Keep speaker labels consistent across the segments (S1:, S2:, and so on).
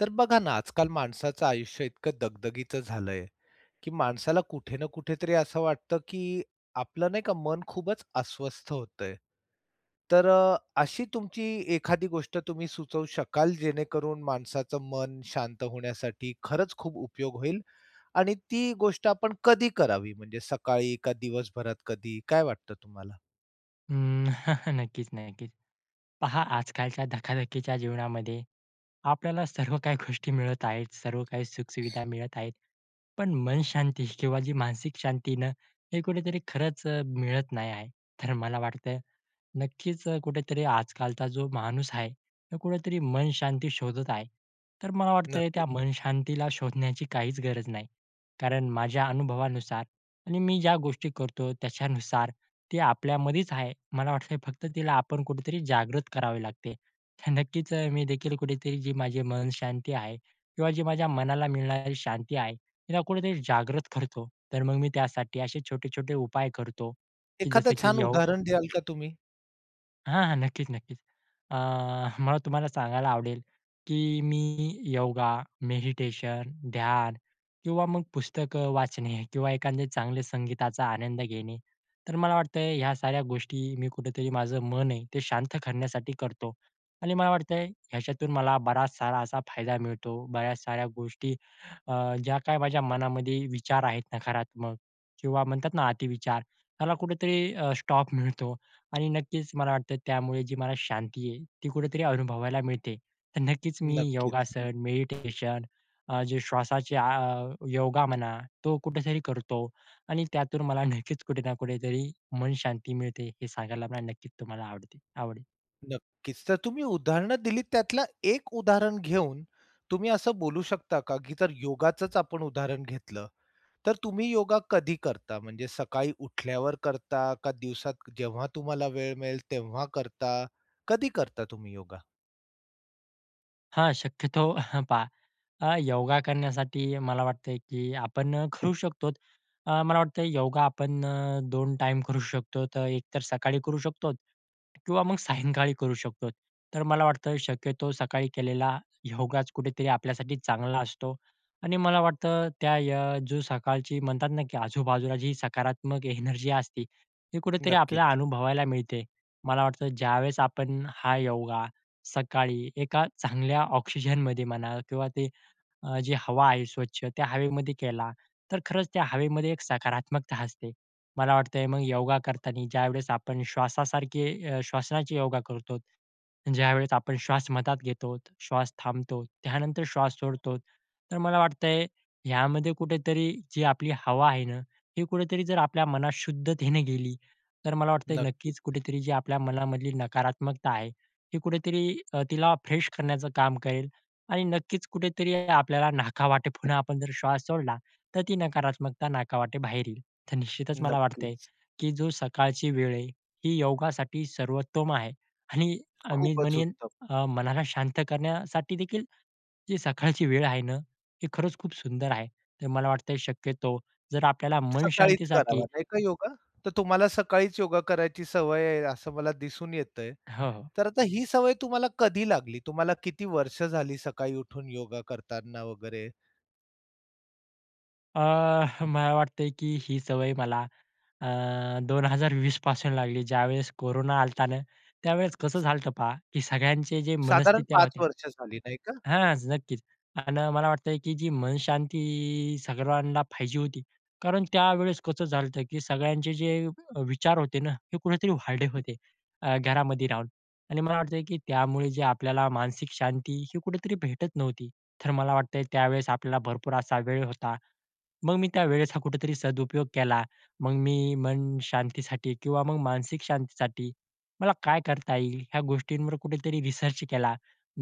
S1: तर बघा ना, आजकाल माणसाचं आयुष्य इतकं दगदगीचं झालंय, की माणसाला कुठे ना कुठेतरी असं वाटतं, की आपलं नाही का मन खूपच अस्वस्थ होतंय. तर अ, अशी तुमची एखादी गोष्ट तुम्ही सुचवू शकाल, जेणेकरून माणसाचं मन शांत होण्यासाठी खरंच खूप उपयोग होईल? आणि ती गोष्ट आपण कधी करावी? म्हणजे सकाळी का दिवसभरात कधी? काय वाटतं तुम्हाला?
S2: हं. नक्कीच ना, नक्कीच. पहा आजकालच्या धक्काधक्कीच्या जीवनामध्ये, आपल्याला सर्व काही गोष्टी मिळत आहेत. सर्व काही सुख-सुविधा मिळत आहेत. पण मनशांती किंवा जी मानसिक शांती ना, हे कुठेतरी खरंच अ, मिळत नाही आहे. तर मला वाटतं नक्कीच अ, कुठेतरी आजकालचा जो माणूस आहे, तो कुठेतरी मनशांती शोधत आहे. तर मला वाटतंय, त्या
S1: नक्कीच.
S2: मनशांतीला शोधण्याची काहीच गरज नाही. कारण माझ्या अनुभवानुसार आणि मी ज्या गोष्टी करतो त्याच्यानुसार, ती आपल्यामध्येच आहे. मला वाटतं फक्त तिला आपण कुठेतरी जागृत करावे लागते. तर नक्कीच अ, मी देखील कुठेतरी जी माझे मनशांती आहे किंवा जी माझ्या मनाला मिळणारी शांती आहे, तिला कुठेतरी जागृत करतो. तर मग मी त्यासाठी असे छोटे-छोटे उपाय करतो की
S1: एखादा
S2: जसं की
S1: छान
S2: योग
S1: उदाहरण द्याल का तुम्ही?
S2: हां, हां, नक्कीच नक्कीच. अ, मला तुम्हाला सांगायला आवडेल, की मी योगा, मेडिटेशन, ध्यान किंवा मग पुस्तकं वाचणे किंवा एखाद्या चांगले संगीताचा आनंद घेणे. तर मला वाटतंय ह्या साऱ्या गोष्टी मी कुठेतरी माझं मन आहे, ते शांत करण्यासाठी करतो आणि मला वाटतंय याच्यातून मला बराच सारा असा फायदा मिळतो. बऱ्याच साऱ्या गोष्टी अ, ज्या काही माझ्या मनामध्ये विचार आहेत नकारात्मक किंवा म्हणतात ना अतिविचार त्याला कुठेतरी अ, स्टॉप मिळतो. आणि नक्कीच मला वाटतं त्यामुळे जी मला शांती आहे, ती कुठेतरी अनुभवायला मिळते. तर नक्कीच मी
S1: नक्कीच.
S2: योगासन, मेडिटेशन अ, जे श्वासाचे आ योगा म्हणा, तो कुठेतरी करतो आणि त्यातून मला नक्कीच कुठे ना कुठेतरी मनशांती मिळते. हे सांगायला मला नक्कीच तुम्हाला आवडते आवडेल.
S1: नक्कीच. तर तुम्ही उदाहरणं दिलीत त्यातला एक उदाहरण घेऊन तुम्ही असं बोलू शकता का? की जर योगाचच आपण उदाहरण घेतलं, तर तुम्ही योगा कधी करता? म्हणजे सकाळी उठल्यावर करता का दिवसात जेव्हा तुम्हाला वेळ मिळेल तेव्हा करता? कधी करता तुम्ही योगा?
S2: हां. शक्यतो पहा. अ, योगा करण्यासाठी मला वाटतं, की आपण अ, करू शकतो. अ, मला वाटतं योगा आपण अ, 2 टाईम करू शकतो. तर एकतर सकाळी करू शकतो किंवा मग सायंकाळी करू शकतो. तर मला वाटतं शक्यतो सकाळी केलेला योगाच कुठेतरी आपल्यासाठी चांगला असतो आणि मला वाटतं त्या या जो सकाळची म्हणतात ना, की आजूबाजूला जी सकारात्मक एनर्जी असते, ती कुठेतरी आपल्याला
S1: नक्कीच.
S2: अनुभवायला मिळते. मला वाटतं ज्यावेळेस आपण हा योगा सकाळी एका चांगल्या ऑक्सिजन मध्ये म्हणा किंवा ते अ, जी हवा आहे स्वच्छ त्या हवेमध्ये केला, तर खरंच त्या हवेमध्ये एक सकारात्मकता असते. मला वाटतं मग योगा करताना ज्यावेळेस आपण श्वासासारखे अ, श्वसनाचे योगा करतो, ज्यावेळेस आपण श्वास मधात घेतो, श्वास थांबतो, त्यानंतर श्वास सोडतो. तर मला वाटतंय, ह्यामध्ये कुठेतरी जी आपली हवा आहे ना, हे कुठेतरी जर आपल्या मनात शुद्धतेने गेली. तर मला वाटतंय नक्कीच,
S1: नक्कीच.
S2: कुठेतरी जी आपल्या मनामधली नकारात्मकता आहे हे कुठेतरी अ, तिला फ्रेश करण्याचं काम करेल. आणि नक्कीच कुठेतरी आपल्याला नाका वाटे पुन्हा आपण जर श्वास सोडला, तर ती नकारात्मकता नाका वाटे बाहेर येईल. तर निश्चितच मला वाटतंय,
S1: नक्कीच.
S2: की जी सकाळची वेळ आहे, ही योगासाठी सर्वोत्तम आहे आणि अ, मी
S1: खूपच
S2: म्हणेन
S1: उत्तम.
S2: अ, मनाला शांत करण्यासाठी देखील, जी सकाळची वेळ आहे ना, ती खरंच खूप सुंदर आहे. तर मला वाटतंय शक्यतो जर आपल्याला
S1: सकाळीच
S2: मनशांतीसाठी
S1: करावा नाही का योगा? तर तुम्हाला सकाळीच योगा करायची सवय आहे, असं मला दिसून येतंय.
S2: हो.
S1: तर आता ही सवय तुम्हाला कधी लागली? तुम्हाला किती वर्ष झाली, सकाळी उठून योगा करतांना वगैरे?
S2: अ, मला वाटतंय, की ही सवय मला अ, 2020 पासून लागली. ज्यावेळेस कोरोना आला होता नं, त्यावेळेस कसं झालं होत पहा की सगळ्यांचे जे
S1: साधारण
S2: मनस्थित्या
S1: 5
S2: होत्या
S1: वर्ष झाली. नाही का?
S2: हां, नक्कीच अन् मला वाटतंय, की जी मनशांती सर्वांना पाहिजे होती. कारण त्यावेळेस कसं झालं होत की सगळ्यांचे जे अ, विचार होते ना हे कुठेतरी वाढले होते अ, घरामध्ये राहून आणि मला वाटतंय की त्यामुळे जे आपल्याला मानसिक शांती ही कुठेतरी भेटत नव्हती. तर मला वाटतंय, त्यावेळेस आपल्याला भरपूर असा वेळ होता. मग मी त्यावेळेचा कुठेतरी सदुपयोग केला. मग मी मनशांतीसाठी किंवा मग मानसिक शांतीसाठी मला काय करता येईल? ह्या गोष्टींवर कुठेतरी रिसर्च केला.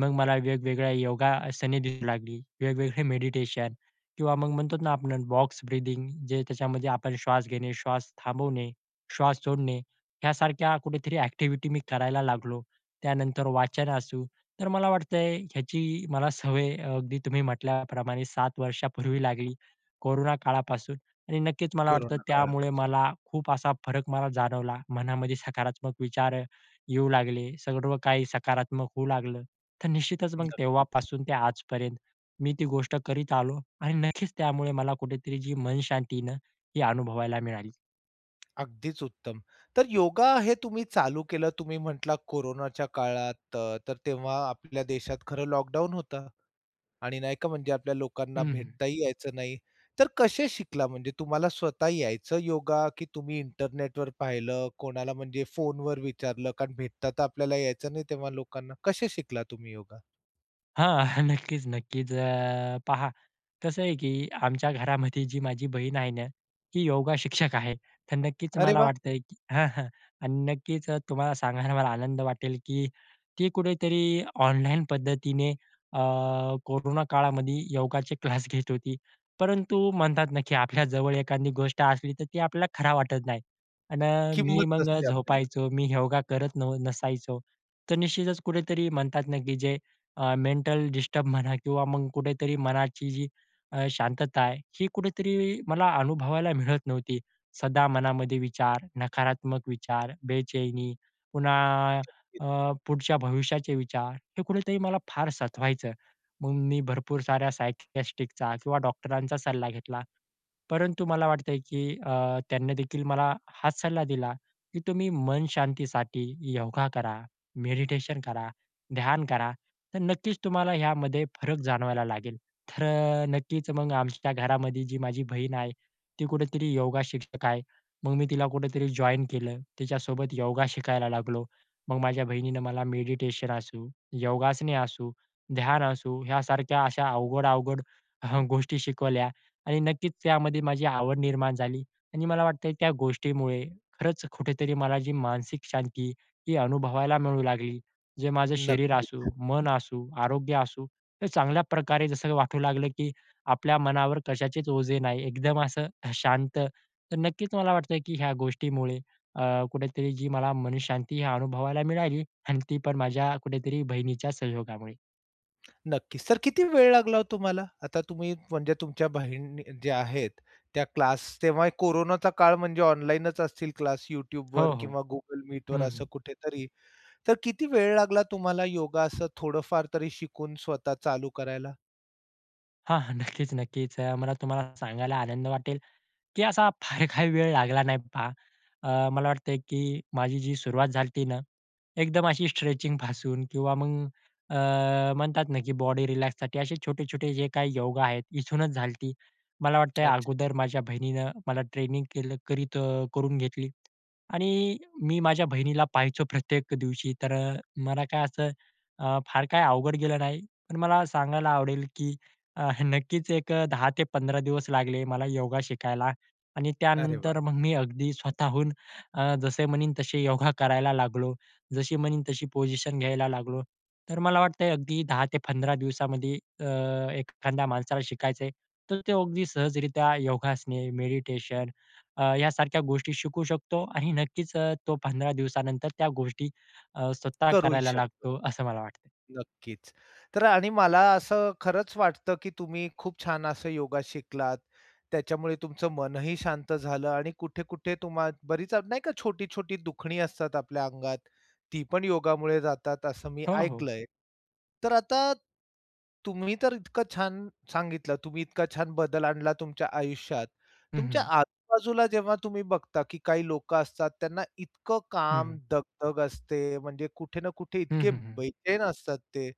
S2: मग मला वेगवेगळ्या योगासने दिसू लागली, वेगवेगळे मेडिटेशन किंवा मग म्हणतोत ना आपण बॉक्स-ब्रीदिंग जे त्याच्यामध्ये आपण श्वास घेणे, श्वास थांबवणे, श्वास सोडणे यासारख्या कुठेतरी एक्टिव्हिटी मी करायला लागलो. त्यानंतर वाचन असू. तर मला वाटतंय, याची मला सवय अ, अगदी तुम्ही म्हंटल्याप्रमाणे 7 वर्षापूर्वी लागली. कोरोना काळापासून आणि नक्कीच मला वाटतं,
S1: कोरोना
S2: त्यामुळे
S1: काळापासून.
S2: मला खूप असा फरक मला जाणवला, मनामध्ये सकारात्मक विचार येऊ लागले. सर्व काही सकारात्मक होऊ लागलं. तर निश्चितच मग
S1: नक्कीच.
S2: तेव्हापासून ते आजपर्यंत मी ती गोष्ट करीत आलो आणि नक्कीच त्यामुळे मला कुठेतरी जी मनशांती आहे ना. ही अनुभवायला मिळाली.
S1: अगदीच उत्तम. तर योगा हे तुम्ही चालू केलं तुम्ही म्हटला, कोरोनाच्या काळात. त तर तेव्हा आपल्या देशात खरं लॉकडाउन होतं आणि नाही का? म्हणजे आपल्या लोकांना
S2: हं, हं.
S1: भेटताही यायचं नाही. तर कसे शिकला? म्हणजे तुम्हाला स्वतः यायचं योगा, की तुम्ही इंटरनेटवर पाहिलं? कोणाला म्हणजे फोनवर विचारलं? कारण भेटता तर आपल्याला यायचं नाही तेव्हा लोकांना. कसे शिकला तुम्ही योगा?
S2: हां. हं. नक्कीच, नक्कीच. अ, पहा कसं आहे, की आमच्या घरामध्ये जी माझी बहीण आहे ना, ती योगा शिक्षक आहे. तर नक्कीच
S1: अरे
S2: मला
S1: वा!
S2: वाटतंय, की हां, हां. आणि नक्कीच अ, तुम्हाला सांगायला मला आनंद वाटेल, की ती कुठेतरी ऑनलाईन पद्धतीने अ, कोरोना काळामध्ये योगाचे क्लास घेत होती. परंतु म्हणतात ना, की आपल्याजवळ एखादी गोष्ट असली, तर ती आपल्याला खरं वाटत नाही अण मी
S1: किंमत
S2: मग
S1: नसते आपल्याला.
S2: झोपायचो. मी योगा करत न नसायचो. तर निश्चितच कुठेतरी म्हणतात ना, की जे अ, मेंटल डिस्टर्ब म्हणा किंवा मग कुठेतरी मनाची जी अ, शांतता आहे, ही कुठेतरी मला अनुभवायला मिळत नव्हती. सदा मनामध्ये विचार, नकारात्मक विचार, बेचैनी पुन्हा
S1: [unintelligible]
S2: अ, पुढच्या भविष्याचे विचार हे कुठेतरी मला फार सतवायचं. मग मी भरपूर साऱ्या सायकिअ‍ॅट्रिकचा किंवा डॉक्टरांचा सल्ला घेतला. परंतु मला वाटतंय, की अ, त्यांनीदेखील मला हाच सल्ला दिला, की तुम्ही मनशांतीसाठी योगा करा, मेडिटेशन करा, ध्यान करा. तर नक्कीच तुम्हाला ह्यामध्ये फरक जाणवायला लागेल. तर अ, नक्कीच मग आमच्या घरामध्ये जी माझी बहीण आहे. ती कुठेतरी योगा शिक्षक आहे. मग मी तिला कुठेतरी जॉइन केलं. तिच्यासोबत योगा शिकायला लागलो. मग माझ्या बहिणीनं मला मेडिटेशन असू, योगासने असू, ध्यान असू ह्यासारख्या अशा अवघड-अवघड हं, गोष्टी शिकवल्या आणि नक्कीच त्यामध्ये माझी आवड निर्माण झाली. आणि मला वाटतंय त्या गोष्टीमुळे खरंच कुठेतरी मला जी मानसिक शांती ही अनुभवायला मिळू लागली. जे माझं शरीर असू,
S1: नक्कीच.
S2: मन असू, आरोग्य असू तर चांगल्या प्रकारे जसं वाटू लागलं, की आपल्या मनावर कशाचेच ओझे नाही. एकदम असं अ, शांत. तर नक्कीच मला वाटतंय, की ह्या गोष्टीमुळे अ, कुठेतरी जी मला मनःशांती हे अनुभवायला मिळाली आणि ती पण माझ्या कुठेतरी बहिणीच्या सहयोगामुळे.
S1: नक्कीच. सर किती वेळ लागला ओ तुम्हाला? आता तुम्ही म्हणजे तुमच्या बहिण ज्या आहेत, त्या क्लास तेव्हा हे कोरोनाचा काळ, म्हणजे ऑनलाईनच असतील क्लास?
S2: हो,
S1: Youtubeवर
S2: हो.
S1: किंवा Google मीटवर
S2: हं,
S1: असं
S2: हं.
S1: कुठेतरी. तर किती वेळ लागला तुम्हाला योगा असं थोडंफार तरी शिकून स्वतः चालू करायला?
S2: हां, हां. नक्कीच, नक्कीच. अ, मला तुम्हाला सांगायला आनंद वाटेल, की असा फार काही वेळ लागला नाही पहा. अ, मला वाटतंय की माझी जी सुरुवात झाली होती ना एकदम अशी स्ट्रेचिंग पासून किंवा मग अ, म्हणतात ना, की बॉडी रिलॅक्ससाठी असे छोटे-छोटे जे काही योगा आहेत, इथूनच झाली होती. मला वाटतंय
S1: अच्छा.
S2: अगोदर माझ्या बहिणीनं मला ट्रेनिंग केलं करीत अ, करून घेतली आणि मी माझ्या बहिणीला पाहायचो प्रत्येक दिवशी तर अ, मला काय असं अ, फार काही अवघड गेलं नाही. पण मला सांगायला आवडेल, की अ, नक्कीच एक अ, 10-15 दिवस लागले मला योगा शिकायला आणि
S1: अरे वाह!
S2: त्यानंतर मग मी अगदी स्वतःहून अ, जसे म्हणीन तसे योगा करायला लागलो. जशी म्हणीन तशी पोजिशन घ्यायला लागलो. तर मला वाटतंय अगदी 10-15 दिवसामध्ये अ, एखाद्या माणसाला शिकायचं आहे, तर ते अगदी सहजरीत्या योगासने, मेडिटेशन अ, यासारख्या गोष्टी शिकू शकतो आणि नक्कीच अ, तो 15 दिवसानंतर त्या गोष्टी अ, स्वतः
S1: करूही
S2: करायला
S1: शकतो.
S2: लागतो, असं मला वाटतं.
S1: नक्कीच. तर आणि मला असं खरंच वाटतं, की तुम्ही खूप छान असं योगा शिकलात, त्याच्यामुळे तुमचं मनही शांत झालं. आणि कुठे-कुठे तुम्हा बरीच अग नाही का छोटी-छोटी दुखणी असतात आपल्या अंगात, ती पण योगामुळे जातात असं मी
S2: हो, हो.
S1: ऐकलंय. तर आता तुम्ही तर इतकं छान सांगितलं. तुम्ही इतका छान बदल आणला तुमच्या आयुष्यात,
S2: हं,
S1: तुमच्या
S2: हं.
S1: आजूबाजूला जेव्हा तुम्ही बघता की काही लोकं असतात, त्यांना इतकं काम,
S2: हं.
S1: दगदग असते म्हणजे कुठे ना कुठे
S2: हं,
S1: इतके
S2: हं, हं.
S1: बैचैन असतात ते,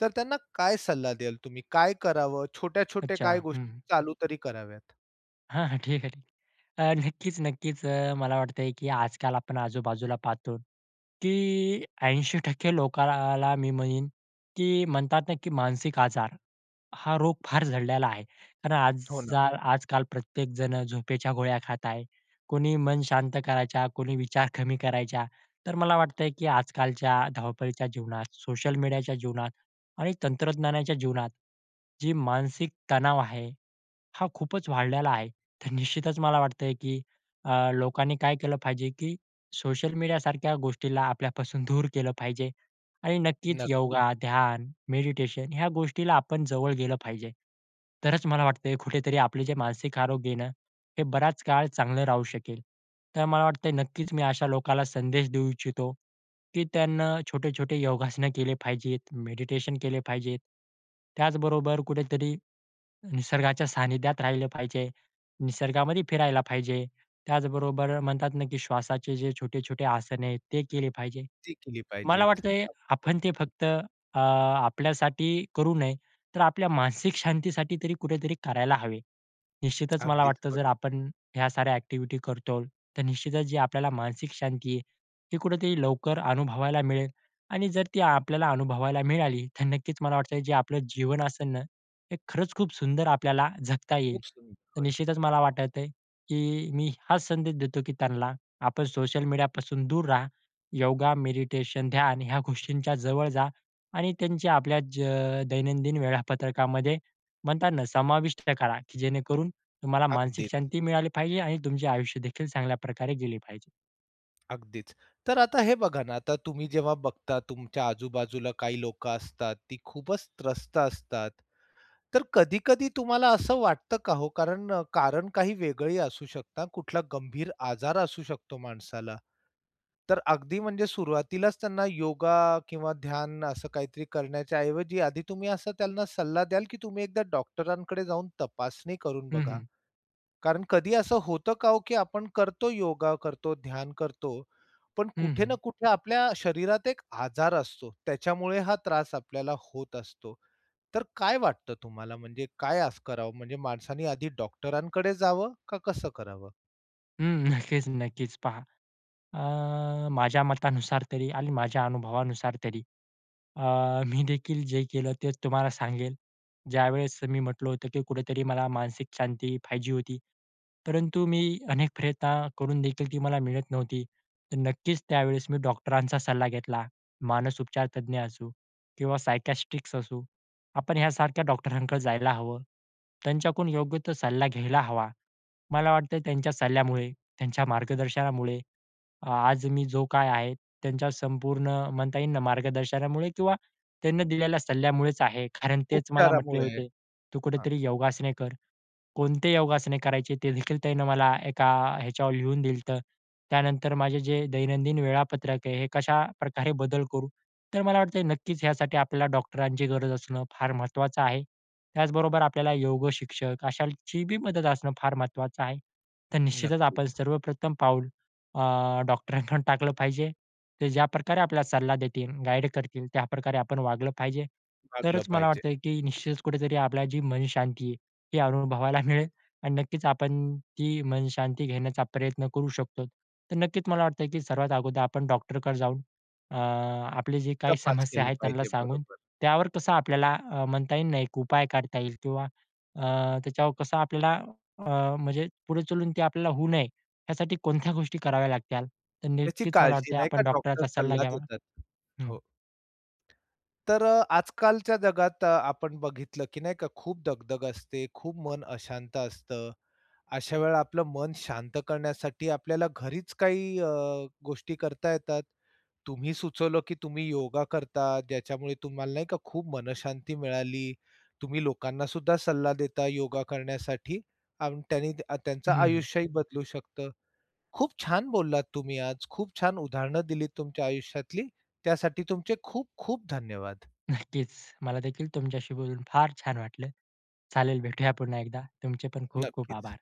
S1: तर त्यांना काय सल्ला द्याल तुम्ही? काय करावं छोट्या-छोट्या
S2: अच्छा.
S1: काय गोष्टी
S2: हं.
S1: चालू तरी कराव्यात?
S2: हां, हां. ठीक आहे. ठीक आहे. अ, नक्कीच, नक्कीच. अ, मला वाटतंय की आजकाल आपण आजूबाजूला पाहतो की 80% लोकांना मी म्हणेन की म्हणतात ना, की मानसिक आजार, हा रोग फार झडलेला आहे. कारण आज
S1: हो ना.
S2: जाल आजकाल प्रत्येकजण झोपेच्या गोळ्या खात आहे. कोणी मन शांत करायच्या, कोणी विचार कमी करायच्या. तर मला वाटतंय की आजकालच्या धावपळीच्या जीवनात सोशल मीडियाच्या जीवनात आणि तंत्रज्ञानाच्या जीवनात जी मानसिक तणाव आहे. हा खूपच वाढलेला आहे. तर निश्चितच मला वाटतंय की अ, लोकांनी काय केलं पाहिजे की सोशल मीडियासारख्या गोष्टीला आपल्यापासून दूर केलं पाहिजे आणि नक्कीच
S1: नक्कीच.
S2: योगा, ध्यान, मेडिटेशन ह्या गोष्टीला आपण जवळ गेलं पाहिजे. तरच मला वाटतंय कुठेतरी आपले जे मानसिक आरोग्य आहे ना, हे बराच काळ चांगलं राहू शकेल. तर मला वाटतंय नक्कीच मी अशा लोकाला संदेश देऊ इच्छितो, की त्यांनी छोटे-छोटे योगासनं केले पाहिजेत, मेडिटेशन केले पाहिजेत. त्याचबरोबर कुठेतरी निसर्गाच्या सानिध्यात राहिलं पाहिजे. निसर्गामध्ये फिरायला पाहिजे. त्याचबरोबर म्हणतात ना, की श्वासाचे जे छोटे-छोटे आसन आहेत, ते केले पाहिजे.
S1: ती केली
S2: मला
S1: पाहिजेत. अगदी
S2: वाटतंय आपण ते
S1: बरोबर.
S2: फक्त अ, आपल्यासाठी करू नये, तर आपल्या मानसिक शांतीसाठी तरी कुठेतरी करायला हवे. निश्चितच मला
S1: अगदीच
S2: वाटतं जर
S1: बरोबर.
S2: आपण ह्या साऱ्या ॲक्टिव्हिटी करतो. तर निश्चितच जी आपल्याला मानसिक शांती आहे, ती कुठेतरी लवकर अनुभवायला मिळेल आणि जर ती आपल्याला अनुभवायला मिळाली, तर नक्कीच मला वाटतं जे आपलं जीवन असंन न, हे खरंच खूप सुंदर आपल्याला जगता येईल.
S1: खूप सुंदर
S2: तर
S1: होईल.
S2: निश्चितच मला वाटतंय की मी हाच संदेश देतो की त्यांना आपण सोशल मीडिया पासून दूर रहा. योगा, मेडिटेशन, ध्यान ह्या गोष्टींच्या जवळ जा. आणि त्यांचे आपल्या ज अ, दैनंदिन वेळापत्रकामध्ये म्हणताना समाविष्ट करा, की जेणेकरून तुम्हाला मानसिक
S1: अगदीच.
S2: शांती मिळाली पाहिजे. आणि तुमचे आयुष्य देखील चांगल्या प्रकारे गेले पाहिजे.
S1: अगदीच. तर आता हे बघा ना, आता तुम्ही जेव्हा बघता, तुमच्या आजूबाजूला काही लोकं असतात, ती खूपच त्रस्त असतात. तर कधी-कधी तुम्हाला असं वाटतं का हो? कारण, कारण काही वेगळी असू शकतं, कुठला गंभीर आजार असू शकतो माणसाला. तर अगदी म्हणजे सुरुवातीलाच त्यांना योगा किंवा ध्यान असं काहीतरी करण्याच्या ऐवजी, आधी तुम्ही असं त्यांना सल्ला द्याल, की तुम्ही एकदा डॉक्टरांकडे जाऊन तपासणी करून
S2: हं,
S1: बघा.
S2: हं.
S1: कारण कधी असं होतं का ओ, की आपण करतो योगा, करतो ध्यान करतो पण
S2: हं,
S1: कुठे ना
S2: हं.
S1: कुठे आपल्या शरीरात एक आजार असतो, त्याच्यामुळे हा त्रास आपल्याला होत असतो. तर काय वाटतं तुम्हाला? म्हणजे काय असं करावं? म्हणजे माणसांनी आधी डॉक्टरांकडे जावं का कसं करावं?
S2: हं, नक्कीच, नक्कीच, पहा, अ, माझ्या मतानुसार तरी आणि माझ्या अनुभवानुसार तरी, अ, मी देखील जे केलं तेच तुम्हाला सांगेल. ज्यावेळेस मी म्हटलं होतं, की कुठेतरी मला मानसिक शांती पाहिजे होती. परंतु मी अनेक प्रयत्न करून देखील ती मला मिळत नव्हती. तर नक्कीच त्यावेळेस मी डॉक्टरांचा सल्ला घेतला. मानसउपचार तज्ञ असू किंवा सायकियाट्रिस्ट असू, आपण ह्यासारख्या डॉक्टरांकडे जायला हवं. त्यांच्याकडून योग्य तो सल्ला घ्यायला हवा. मला वाटतं, त्यांच्या सल्ल्यामुळे, त्यांच्या मार्गदर्शनामुळे, अ, आज मी जो काय आहे, त्यांच्या संपूर्ण म्हणता येईल ना, मार्गदर्शनामुळे किंवा त्यांनी दिलेल्या सल्ल्यामुळेच आहे. कारण तेच मला म्हटले
S1: उपचारामुळे.
S2: होते, “तू
S1: हां.
S2: कुठेतरी योगासने कर.” कोणते योगासने करायचे ते देखील त्यांनी मला एका ह्याच्यावर लिहून दिलं होतं. त्यानंतर माझे जे दैनंदिन वेळापत्रक आहे, हे कशा प्रकारे बदल करू. तर मला वाटतंय, नक्कीच यासाठी आपल्याला डॉक्टरांची गरज असणं फार महत्त्वाचं आहे. त्याचबरोबर आपल्याला योग शिक्षक अशांची मदत असणं फार महत्त्वाचं आहे. तर निश्चितच आपण
S1: नक्कीच.
S2: सर्वप्रथम पाऊल, अ, डॉक्टरांकडून टाकलं पाहिजे. ते ज्या प्रकारे आपल्याला सल्ला देतील, गाईड करतील, त्याप्रकारे आपण वागलं पाहिजे.
S1: भागलं
S2: तरच मला
S1: पाहिजे.
S2: वाटतं की निश्चितच कुठेतरी आपला जी मनशांती आहे, हे अनुभवायला मिळेल आणि नक्कीच आपण ती मनशांती घेण्याचा प्रयत्न करू शकतो. तर नक्कीच मला वाटतं, की सर्वात अगोदर आपण डॉक्टरकडे जाऊन, अ, आपले जे काही
S1: तपास
S2: समस्या
S1: केला
S2: आहेत, त्यांना
S1: पाहिजे.
S2: सांगून,
S1: बरोबर.
S2: त्यावर कसं आपल्याला अ, म्हणता येईल नाही, एक उपाय काढता येईल किंवा अ, त्याच्यावर कसं आपल्याला, अ, म्हणजे पुढे चालून ते आपल्याला होऊ नये, यासाठी कोणत्या गोष्टी कराव्या लागतील तर
S1: त्याची
S2: नक्कीच मला
S1: काळजी
S2: वाटतं
S1: नाही का,
S2: आपण
S1: डॉक्टर
S2: डॉक्टरचा सल्ला
S1: सल्ला
S2: घ्यावा.
S1: देतात,
S2: हं.
S1: हो. तर अ, आजकालच्या जगात अ, आपण बघितलं की नाही का खूप दगदग असते, खूप मन अशांत असतं. अशा वेळेला आपलं मन शांत करण्यासाठी आपल्याला घरीच काही अ, गोष्टी करता येतात. तुम्ही सुचवलं की तुम्ही योगा करतात, ज्याच्यामुळे तुम्हाला नाही का, खूप मनःशांती मिळाली. तुम्ही लोकांनासुद्धा सल्ला देता योगा करण्यासाठी आणि त्यांनी अ, त्यांचं
S2: हं.
S1: आयुष्यही बदलू शकतं. खूप छान बोललात तुम्ही आज. खूप छान उदाहरणं दिलीत तुमच्या आयुष्यातली. त्यासाठी तुमचे खूप-खूप धन्यवाद.
S2: नक्कीच. मला देखील तुमच्याशी बोलून फार छान वाटलं. चालेल भेटूया पुन्हा एकदा. तुमचे पण खूप-खूप
S1: नक्कीच.
S2: आभार.